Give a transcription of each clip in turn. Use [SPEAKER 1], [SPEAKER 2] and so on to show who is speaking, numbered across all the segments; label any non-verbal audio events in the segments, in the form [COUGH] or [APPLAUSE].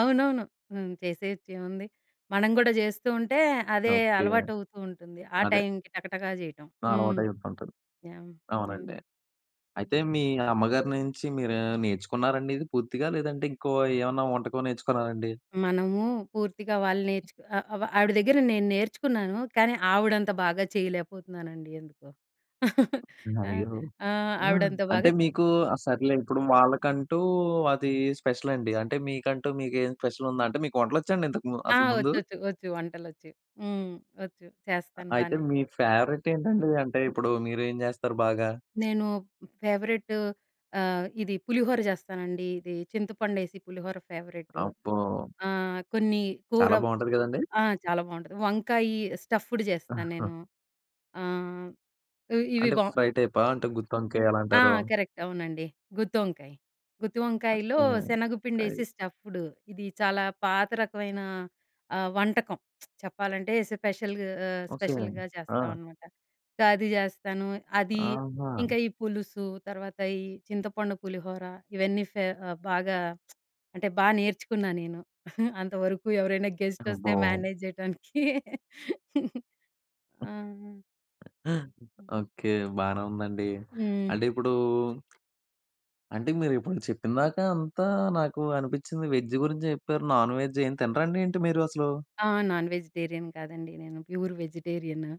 [SPEAKER 1] అవునవును. హ్మ్. చేసేయొచ్చు ఏముంది. మనం కూడా జేస్తూ ఉంటే అదే
[SPEAKER 2] ఓకే.
[SPEAKER 1] అలవాటు అవుతూ ఉంటుంది. ఆ
[SPEAKER 2] అదే.
[SPEAKER 1] టైంకి టకటకా జేయటం.
[SPEAKER 2] నా
[SPEAKER 1] హ్మ్.
[SPEAKER 2] అలవాటు అయితుంటది.
[SPEAKER 1] యహ్!
[SPEAKER 2] అవునండి.
[SPEAKER 1] అవునండి.
[SPEAKER 2] అయితే మీ అమ్మగారి నుంచి మీరు నేర్చుకున్నారండి ఇది పూర్తిగా. లేదంటే ఇంకో ఏమన్నా వంటకం నేర్చుకున్నారండి?
[SPEAKER 1] మనము పూర్తిగా వాళ్ళు నేర్చుకు ఆహ్, ఆవిడ దగ్గర నేను నేర్చుకున్నాను కానీ, ఆవిడంత బాగా చేయలేకపోతున్నానండి ఎందుకో. [CHUCKLES] ఆ!
[SPEAKER 2] అయ్యో!
[SPEAKER 1] ఆహ్,
[SPEAKER 2] ఆ!
[SPEAKER 1] ఆవిడ అంతా
[SPEAKER 2] అంటే
[SPEAKER 1] బాగాస్
[SPEAKER 2] మీకు ఆ సరేలే! ఇప్పుడు వాళ్ళకంటూ అది స్పెషలండి. అంటే మీకంటూ మీకేం స్పెషలుందా? అంటే మీకు వంటలొచ్చాడి ఇంతకు ముం
[SPEAKER 1] ఆ!
[SPEAKER 2] అసలు ముందు?
[SPEAKER 1] ఒచ్చు. ఒచ్చు. ఒచ్చు. వంటలొచ్చు. హ్మ్. ఒచ్చు.
[SPEAKER 2] అ
[SPEAKER 1] చేస్తాను
[SPEAKER 2] అయితే
[SPEAKER 1] బానే.
[SPEAKER 2] మీ ఫేవరేట్ ఏంటండి అంటే
[SPEAKER 1] హ్మ్.
[SPEAKER 2] ఇప్పుడు మీరేం జేస్తారు బాగా?
[SPEAKER 1] నేను ఫేవరెటు ఆహ్, ఇది పులిహోర చేస్తానండి. ఇది చింతపండేసి పులిహోర ఫేవరెటు
[SPEAKER 2] అబ్బో!
[SPEAKER 1] ఆహ్, కొన్ని కూర
[SPEAKER 2] చాలా బావుంటది కదండీ.
[SPEAKER 1] ఆ! చాలా బావుంటది. వంకాయి స్టఫ్డ్ జేస్తా
[SPEAKER 2] ఆహా!
[SPEAKER 1] నేను. ఆహ్, ఇ ఇవి
[SPEAKER 2] అంటే
[SPEAKER 1] బావ్
[SPEAKER 2] ఫ్రై టైపా? అంటే గుత్తొంకాయ ఎలా
[SPEAKER 1] ఆ!
[SPEAKER 2] అంటారు?
[SPEAKER 1] కరెక్ట్. అవునండి. గుత్తోంకాయ. గుత్తి
[SPEAKER 2] ఓకే.
[SPEAKER 1] వంకాయలో
[SPEAKER 2] ఐవ్
[SPEAKER 1] శనగపిండేసి స్టఫ్డు ఇది చాలా పాత రకమైన ఆహ్, వంటకం [SMACKS LIPS] చెప్పాలంటే స్పెషల్ ఆహ్,
[SPEAKER 2] ఓకే.
[SPEAKER 1] స్పెషల్‌గ
[SPEAKER 2] ఆ!
[SPEAKER 1] చేస్తామన్నమాట. గాది చేస్తాను అది
[SPEAKER 2] ఆహా!
[SPEAKER 1] ఇంకా ఈ పులుసు, తర్వాత ఈ చింతపండు పులిహోర, ఇవన్నీ ఫేవ బాగా [SMACKS LIPS] అంటే బా నేర్చుకున్నా నేను. [GIGGLES] అంతవరకు ఎవరైనా గెస్ట్ వస్తే
[SPEAKER 2] అబ్బో!
[SPEAKER 1] మేనేజ్ చేయటానికి. [CHUCKLES] ఆహా! హుహు.
[SPEAKER 2] ఓకే. బానే ఉందండి.
[SPEAKER 1] హ్మ్.
[SPEAKER 2] అంటే ఇప్పుడూ అంటే మీరు ఇప్పుడు చెప్పిందాకా అంతా నాకు అనిపిచ్చింది. వెజ్ గురించే జేప్పారు నాన్‌‌‌‌వెజ్ ఏం తినరండి ఏంటి మీరసలు?
[SPEAKER 1] ఆ! నాన్ వెజిటేరియన్ కాదండి. నేను ప్యూర్ వెజిటేరియను.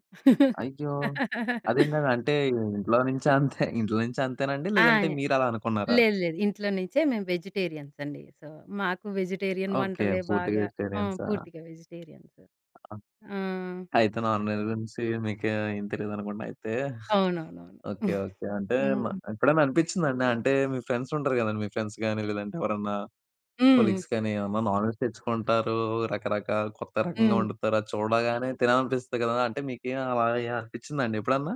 [SPEAKER 2] అయ్యో!
[SPEAKER 1] [LAUGHS]
[SPEAKER 2] అదేంటండి. అంటే ఇంట్లో నుంచి అంతే [CHUCKLES] ఇంట్లో నుంచి అంతేనండి,
[SPEAKER 1] ఆ!
[SPEAKER 2] లేదంటే మీరలా అనుకున్నారా?
[SPEAKER 1] లేదు లేదు. ఇంట్లో నుంచే మేము వెజిటేరియన్స్ అండి. సో మాకు వెజిటేరియన్
[SPEAKER 2] ఓకే.
[SPEAKER 1] వంటలే
[SPEAKER 2] పూర్తి
[SPEAKER 1] బాగా ఆ!
[SPEAKER 2] వెజిటేరియన్సా?
[SPEAKER 1] పూర్తిగా వెజిటేరియన్సు.
[SPEAKER 2] ఆ!
[SPEAKER 1] ఆ!
[SPEAKER 2] అయితే నాన్‌వెజ్ గు‌రించి మీకేం తెలీదనుకుంటా అయితే. [GIGGLES]
[SPEAKER 1] అవునవునవును.
[SPEAKER 2] ఓకే.
[SPEAKER 1] [GIGGLES]
[SPEAKER 2] ఓకే. అంటే
[SPEAKER 1] హ్మ్.
[SPEAKER 2] ఎప్పుడైనా అనిపిచ్చిందాండి అంటే మీ ఫ్రెండ్స్ ఉంటారు కదండీ మీ ఫ్రెండ్స్ గాని, లేదంటే ఎవరన్నా
[SPEAKER 1] హ్మ్.
[SPEAKER 2] కొలీగ్స్ కానీ ఏమన్నా నాన్‌వెజ్ తెచ్చుకుంటారు, రకరకాల కొత్త రకంగా
[SPEAKER 1] హ్మ్.
[SPEAKER 2] వండుతారు. అది చూడగానే తినాలనిపిస్తుంది కదా! అంటే మీకు అలా ఎ అనిపిచ్చిదాండి ఎప్పుడన్నా?